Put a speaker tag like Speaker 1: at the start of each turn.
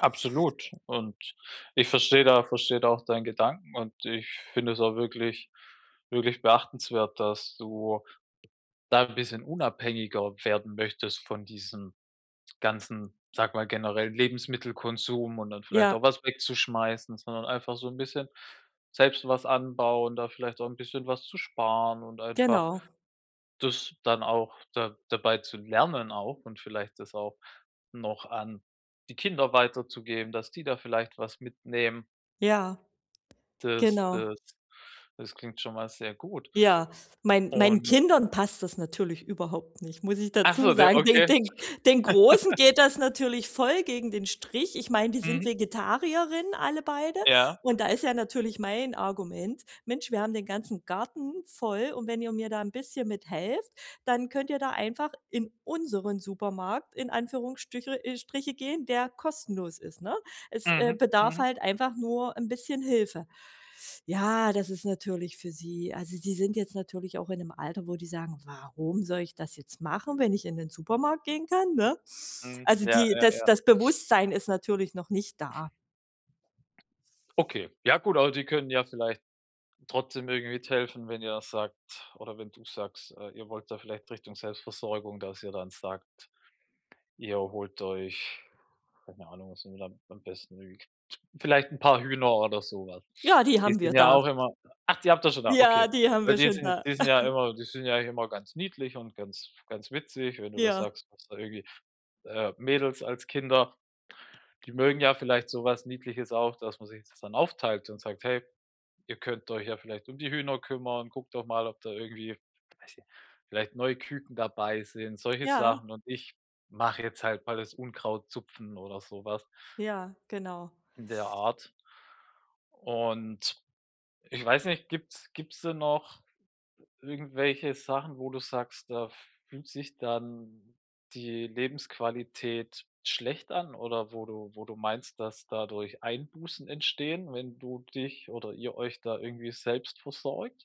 Speaker 1: Absolut. Und ich verstehe da verstehe da auch deinen Gedanken und ich finde es auch wirklich wirklich beachtenswert, dass du da 'n bisschen unabhängiger werden möchtest von diesem ganzen, sage mal, generell Lebensmittelkonsum und dann vielleicht
Speaker 2: Ja.
Speaker 1: auch was wegzuschmeißen, sondern einfach so 'n bisschen selbst was anbauen, da vielleicht auch 'n bisschen was zu sparen und einfach
Speaker 2: Genau.
Speaker 1: das dann auch da dabei zu lernen auch und vielleicht das auch noch an die Kinder weiterzugeben, dass die da vielleicht was mitnehmen.
Speaker 2: Ja,
Speaker 1: Das
Speaker 2: genau.
Speaker 1: das das klingt schon mal sehr gut.
Speaker 2: Ja, mein meinen
Speaker 1: Und
Speaker 2: Kindern passt das natürlich überhaupt nicht, muss ich
Speaker 1: Ach
Speaker 2: dazu
Speaker 1: so. Der
Speaker 2: sagen. Den
Speaker 1: okay.
Speaker 2: den den Großen geht das natürlich voll gegen den Strich. Ich meine, die sind
Speaker 1: Mhm.
Speaker 2: Vegetarierinnen, alle beide,
Speaker 1: Ja.
Speaker 2: und da ist ja natürlich mein Argument: „Mensch, wir haben den ganzen Garten voll und wenn ihr mir da 'n bisschen mithelft, dann könnt ihr da einfach in unseren Supermarkt in Anführungsstrüchel äh, Striche gehen, der kostenlos ist,“ ne? Es, äh,
Speaker 1: Mhm,
Speaker 2: bedarf
Speaker 1: mhm.
Speaker 2: halt einfach nur 'n bisschen Hilfe. Ja, das ist natürlich für sie also, sie sind jetzt natürlich auch in 'nem Alter, wo die sagen: „Warum soll ich das jetzt machen, wenn ich in den Supermarkt gehen kann“, ne?
Speaker 1: Mhm,
Speaker 2: Also,
Speaker 1: ja,
Speaker 2: die
Speaker 1: ja,
Speaker 2: das
Speaker 1: ja.
Speaker 2: das Bewusstsein ist natürlich noch nicht da.
Speaker 1: Okay, ja, gut, aber die können ja vielleicht trotzdem irgendwie mithelfen, wenn ihr sagt oder wenn du sagst, äh, ihr wollt da vielleicht Richtung Selbstversorgung, dass ihr dann sagt, ihr holt euch, keine Ahnung, was ihr da am besten mögt? Vielleicht 'n paar Hühner oder so was.
Speaker 2: Ja, die
Speaker 1: Die
Speaker 2: haben wir
Speaker 1: sind ja
Speaker 2: da.
Speaker 1: auch immer ach, die habt ihr schon da?
Speaker 2: Ja,
Speaker 1: Okay.
Speaker 2: die haben
Speaker 1: Weil
Speaker 2: wir
Speaker 1: die
Speaker 2: schon
Speaker 1: sind
Speaker 2: da.
Speaker 1: die sind ja immer die sind ja immer ganz niedlich und ganz ganz witzig. Wenn du das
Speaker 2: Ja.
Speaker 1: sagst, du hast da irgendwie, äh, Mädels als Kinder, die mögen ja vielleicht so was Niedliches auch, dass man sich das dann aufteilt und sagt: „Hey, ihr könnt euch ja vielleicht um die Hühner kümmern. Guckt doch mal, ob da irgendwie“, weiß nicht, „vielleicht neue Küken dabei sind,“ solche
Speaker 2: Ja.
Speaker 1: Sachen „und ich mache jetzt halt mal das Unkraut zupfen“ oder so was
Speaker 2: Ja, genau.
Speaker 1: in der Art. Und, ich weiß nicht, gibt's gibt's denn noch irgendwelche Sachen, wo du sagst, da fühlt sich dann die Lebensqualität schlecht an? Oder wo du wo du meinst, dass dadurch Einbußen entstehen, wenn du dich oder ihr euch da irgendwie selbst versorgt?